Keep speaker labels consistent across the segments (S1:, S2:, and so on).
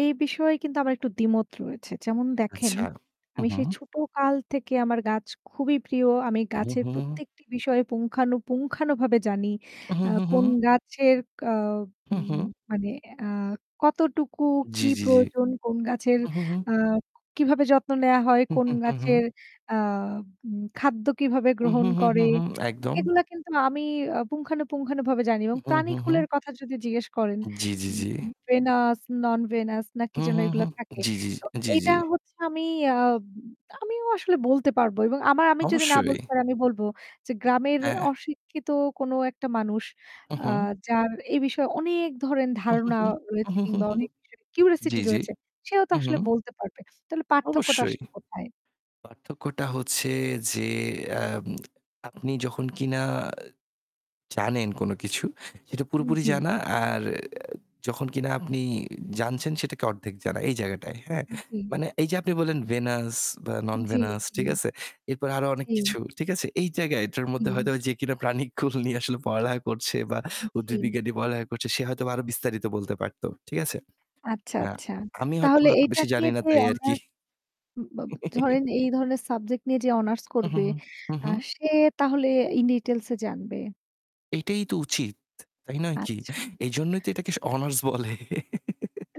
S1: এই বিষয়ে কিন্তু আমার একটু দ্বিমত রয়েছে যেমন দেখেন
S2: আচ্ছা হু,
S1: আমি
S2: হু।
S1: সেই ছোটকাল থেকে আমার গাছ খুবই প্রিয় আমি
S2: উহ
S1: গাছের
S2: হু।
S1: প্রত্যেকটি বিষয়ে পুঙ্খানু, পুঙ্খানুভাবে জানি।
S2: উহ
S1: আহ
S2: হু, হু।
S1: কোন গাছের আ
S2: হু,
S1: উ
S2: হু।
S1: মানে আ কতটুকু
S2: জ্বি,
S1: কি
S2: জ্বি, জ্বি।
S1: প্রয়োজন, কোন গাছের
S2: হু, হু, হু।
S1: আহ কীভাবে যত্ন নেওয়া হয়
S2: উ হু,
S1: কোন
S2: হু, হু, হু।
S1: গাছের আ উম খাদ্য কীভাবে
S2: হু,
S1: গ্রহণ
S2: হু, হু,
S1: করে
S2: হু একদম।
S1: এগুলো কিন্তু আমি আ পুঙ্খানুপুঙ্খভাবে জানি এবং
S2: উহু, হু,
S1: প্রাণীকুলের
S2: হু।
S1: কথা যদি জিজ্ঞেস করেন
S2: জ্বি, জ্বি,
S1: উ
S2: জ্বি।
S1: উ venous, non-venous না কি
S2: হু,
S1: যেন
S2: হু, হু।
S1: এগুলো থাকে।
S2: জ্বি, জ্বি,
S1: তো
S2: জ্বি,
S1: এটা
S2: জ্বি।
S1: হচ্ছে আমি আহ আমিও আসলে বলতে পারবো এবং আমার আমি যদি না
S2: অবশ্যই।
S1: বলতে পারি আমি বলব যে গ্রামের
S2: হ্যাঁ।
S1: অশিক্ষিত কোন একটা মানুষ
S2: হু, হু।
S1: আহ যার এই বিষয়ে অনেক ধরেন
S2: উহ
S1: ধারণা
S2: হু,
S1: রয়েছে
S2: উহ হু,
S1: কিংবা
S2: হু
S1: অনেক বিষয়ে
S2: জ্বি,
S1: কিউরিসিটি
S2: জ্বি।
S1: রয়েছে। সেও তো
S2: হু, হু।
S1: আসলে বলতে পারবে। তাহলে পার্থক্যটা
S2: অবশ্যই।
S1: আসলে কোথায়?
S2: পার্থক্যটা হচ্ছে যে এহ আপনি যখন কিনা জানেন কোনো কিছু, সেটা
S1: উ
S2: পুরোপুরি
S1: জ্বী।
S2: জানা। আর যখন কিনা আপনি জানছেন সেটাকে অর্ধেক জানা। এই জায়গাটায়, হ্যাঁ।
S1: উ জ্বী।
S2: মানে এই যে আপনি বললেন venous বা
S1: জ্বী,
S2: non-venous
S1: জ্বী।
S2: ঠিক আছে? এরপর আরো অনেক
S1: জি।
S2: কিছু। ঠিক আছে? এই জায়গায় এটার মধ্যে
S1: হু।
S2: হয়তো যে কিনা প্রাণীকুল নিয়ে পড়ালেখা করছে বা
S1: উ
S2: উদ্ভীদ
S1: জ্বী।
S2: বিজ্ঞান পড়ালেখা করছে সে হয়তো আরো বিস্তারিত বলতে পারত। ঠিক আছে?
S1: আচ্ছা,
S2: অ্যা
S1: আচ্ছা,
S2: আমি হয়তো
S1: তাহলে
S2: এত
S1: এইটা
S2: বেশি
S1: নিয়ে
S2: জানি না
S1: যে
S2: তাই আরকি।
S1: অনার্স ব ব ধরেন এই ধরনের সাবজেক্ট নিয়ে যে অনার্স
S2: উহ
S1: করবে
S2: হু, উহ।
S1: আহ সে তাহলে ইন ডিটেইলস এ জানবে।
S2: এটাই তো উচিত, তাই নয় কি?
S1: আচ্ছা।
S2: এইজন্যই তো এটাকে অনার্স বলে।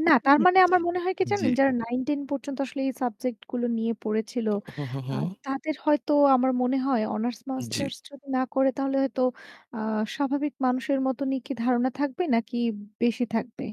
S1: না, তার মানে আমার
S2: [unintelligible]
S1: মনে হয় কি জানেন,
S2: জ্বী।
S1: যারা 9-10 পর্যন্ত আসলে এই সাবজেক্টগুলো নিয়ে পড়েছিল
S2: অহ হু, হু, হু।
S1: আহ তাদের হয়তো আমার মনে হয় অনার্স
S2: জ্বি।
S1: মাস্টার্স যদি না করে তাহলে হয়তো আহ স্বাভাবিক মানুষের মতনই কি ধারণা থাকবে নাকি বেশি থাকবে?